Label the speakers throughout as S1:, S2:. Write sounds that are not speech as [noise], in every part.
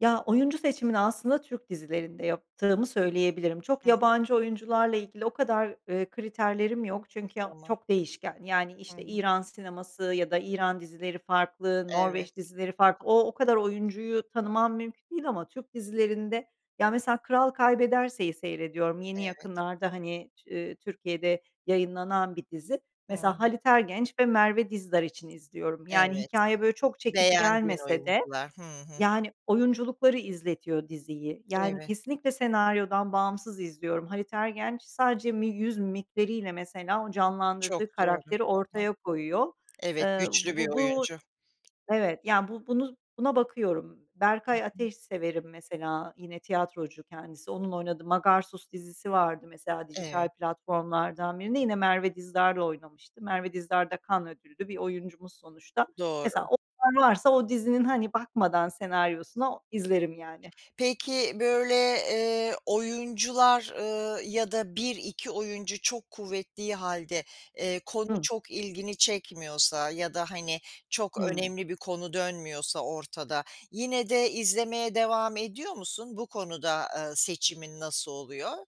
S1: Ya, oyuncu seçimini aslında Türk dizilerinde yaptığımı söyleyebilirim. Çok
S2: Hıh.
S1: yabancı oyuncularla ilgili o kadar, ııı, kriterlerim yok. Çünkü o
S2: Tamam.
S1: çok değişken. Yani,
S2: Hı
S1: işte
S2: hı.
S1: İran sineması ya da İran dizileri farklı,
S2: Evet.
S1: Norveç dizileri farklı. O o kadar oyuncuyu tanımam mümkün değil ama Türk dizilerinde ya, mesela, Kral Kaybederse'yi seyrediyorum. Yeni
S2: Evet.
S1: yakınlarda, hani, Tü-Türkiye'de yayınlanan bir dizi. Mesela
S2: Hıı.
S1: Halit Ergenç ve Merve Dizdar için izliyorum. Yani,
S2: Evet,
S1: hikâye böyle çok çekici
S2: beğendiğin
S1: gelmese de,
S2: oyuncular. Hı hı.
S1: yani, oyunculukları izletiyor diziyi. Yani,
S2: Evet.
S1: kesinlikle senaryodan bağımsız izliyorum. Halit Ergenç sadece mi yüz mimikleriyle, mesela, o
S2: Çok
S1: canlandırdığı
S2: doğru.
S1: karakteri
S2: Hı hı.
S1: ortaya koyuyor.
S2: Evet,
S1: Iıı,
S2: güçlü bir
S1: bu bu
S2: oyuncu.
S1: Evet yani bu buna bakıyorum.
S2: Hı
S1: Berkay
S2: hı.
S1: Ateş severim mesela; yine tiyatrocu kendisi. Onun oynadığı Magarsus dizisi vardı mesela,
S2: Eve
S1: dijital platformlardan birinde. Yine Merve Dizdar'la oynamıştı. Merve Dizdar da Cannes Ödüllü bir oyuncumuz sonuçta. Mesela,
S2: Doğru.
S1: onlar varsa, o dizinin, hani, bakmadan senaryosuna izlerim yani.
S2: Peki, böyle, eee, oyuncular, ııı, ya da 1-2 oyuncu çok kuvvettiği hâlde, eee, konu
S1: Hımm.
S2: çok ilgini çekmiyorsa ya da, hani, çok
S1: Hımm.
S2: önemli bir konu dönmüyorsa ortada, yine de izlemeye devam ediyor musun? Bu konuda, ııı, seçimin nasıl oluyor?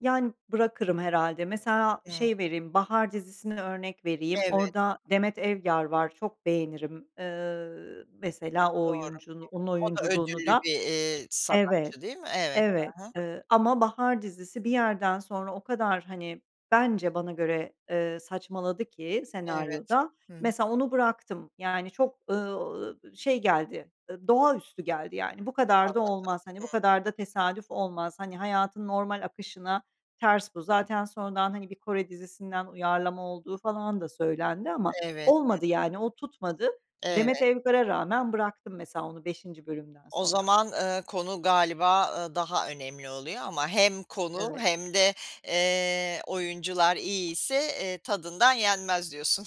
S1: Yani, bırakırım herhâlde. Mesela,
S2: Hıı.
S1: şey vereyim, Bahar dizisini örnek vereyim.
S2: Evet.
S1: Orada Demet Evgar var, çok beğenirim. Iıı, mesela o
S2: Doğru, hı
S1: oyuncu onun
S2: hı. O da
S1: oyunculuğunu
S2: ödüllü
S1: da.
S2: bir, eee,
S1: Evet,
S2: sanatçı, değil mi? Evet.
S1: evet,
S2: Hı hı.
S1: ııı, ama Bahar dizisi bir yerden sonra o kadar, hani, bence bana göre, eee, saçmaladı ki
S2: Evet,
S1: senaryoda.
S2: hı.
S1: Mesela, onu bıraktım yani. Çok, ııı, şey geldi, d doğaüstü geldi yani. Bu kadar da
S2: Anladım.
S1: olmaz, hani,
S2: Hı.
S1: bu kadar da tesadüf olmaz. Hani, hayatın normal akışına ters bu. Zaten sonradan, hani, bir Kore dizisinden uyarlama olduğu falan da söylendi ama
S2: Evet,
S1: olmadı yani. O tutmadı.
S2: hı hı.
S1: Demet
S2: Evet.
S1: Evgar'a rağmen bıraktım mesela onu 5'inci bölümden
S2: O
S1: sonra.
S2: zaman, ııı, konu galiba, ııı, daha önemli oluyor ama hem konu
S1: Evet.
S2: hem de, eee, oyuncular iyiyse, eee, tadından yenmez diyorsun.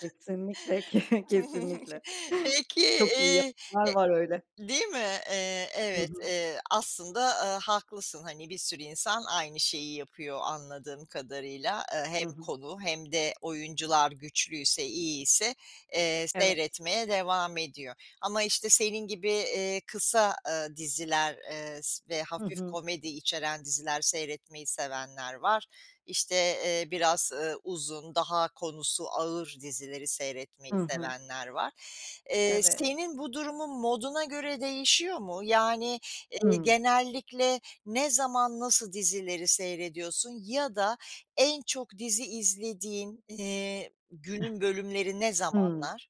S1: Kesinlikle,
S2: [laughs]
S1: kesinlikle. [chuckles]
S2: Peki, iii,
S1: Çok iyi
S2: e
S1: [unintelligible] var öyle.
S2: değil mi? Eee,
S1: Hı
S2: evet,
S1: hı.
S2: eee, aslında, aaa, haklısın. Hani, bir sürü insan aynı şeyi yapıyor, anladığım kadarıyla. Eee,
S1: Hı
S2: hem
S1: hı.
S2: konu hem de oyuncular güçlüyse, iyiyse, eee,
S1: Evet.
S2: seyretmeye devam ediyor ama işte senin gibi, eee, kısa diziler, eee, s ve
S1: Hı
S2: hafif
S1: hı.
S2: komedi içeren diziler seyretmeyi sevenler var; işte, eee, biraz, ııı, uzun, daha konusu ağır dizileri
S1: Hı
S2: seyretmeyi
S1: hı.
S2: sevenler var. Eee,
S1: Evet.
S2: senin bu durumun moduna göre değişiyor mu, yani, eee,
S1: Hımm.
S2: genellikle ne zaman nasıl dizileri seyrediyorsun ya da en çok dizi izlediğin, iii,
S1: [chuckles]
S2: günün bölümleri ne
S1: Hımm.
S2: zamanlar?